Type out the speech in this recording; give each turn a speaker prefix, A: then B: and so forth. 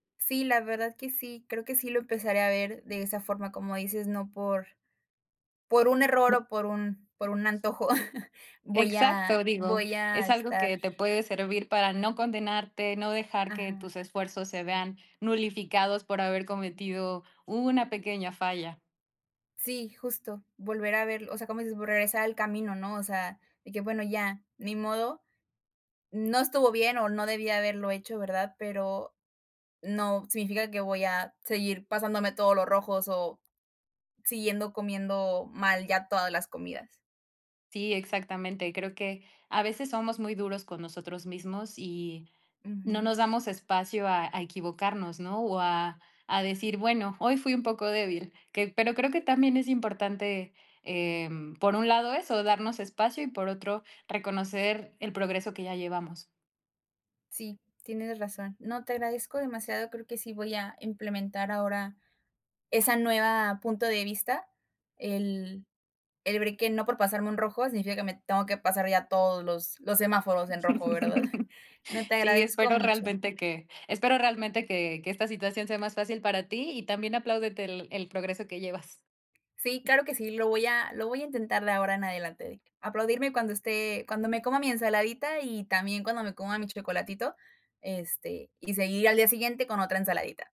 A: Sí, la verdad que sí, creo que sí lo empezaré a ver de esa forma, como dices, no por por un error
B: No
A: o por un por un antojo voy a
B: Exacto, digo,
A: voy a
B: es algo
A: estar
B: que te puede servir para no condenarte, no dejar que
A: Ajá.
B: tus esfuerzos se vean nulificados por haber cometido una pequeña falla.
A: Sí, justo, volver a verlo, o sea, como dices, vo regresar al camino, ¿no? O sea, de que bueno, ya, ni modo. No estuvo bien o no debí haberlo hecho, ¿verdad?, pero no significa que voy a seguir pasándome todos los rojos o siguiendo comiendo mal ya todas las comidas.
B: Sí, exactamente. Creo que a veces somos muy duros con nosotros mismos y no
A: Ujú.
B: nos damos espacio a a equivocarnos, ¿no?, o a a decir: "Bueno, hoy fui un poco débil". Que pero creo que también es importante, em, por un lado eso, darnos espacio y, por otro, reconocer el progreso que ya llevamos.
A: Sí, tienes razón. No, te agradezco demasiado, creo que sí voy a implementar ahora esa nueva punto de vista. El el break que no por pasarme un rojo significa que me tengo que pasar ya todos los los semáforos en rojo, ¿verdad? No, te
B: Sí,
A: agradezco
B: espero
A: mucho.
B: realmente que espero realmente que que esta situación sea más fácil para ti y también apláudete el el progreso que llevas.
A: Sí, claro que sí, lo voy a lo voy a intentar de ahora en adelante de aplaudirme cuando esté cuando me coma mi ensaladita y también cuando me coma mi chocolatito, este, y seguir al día siguiente con otra ensaladita.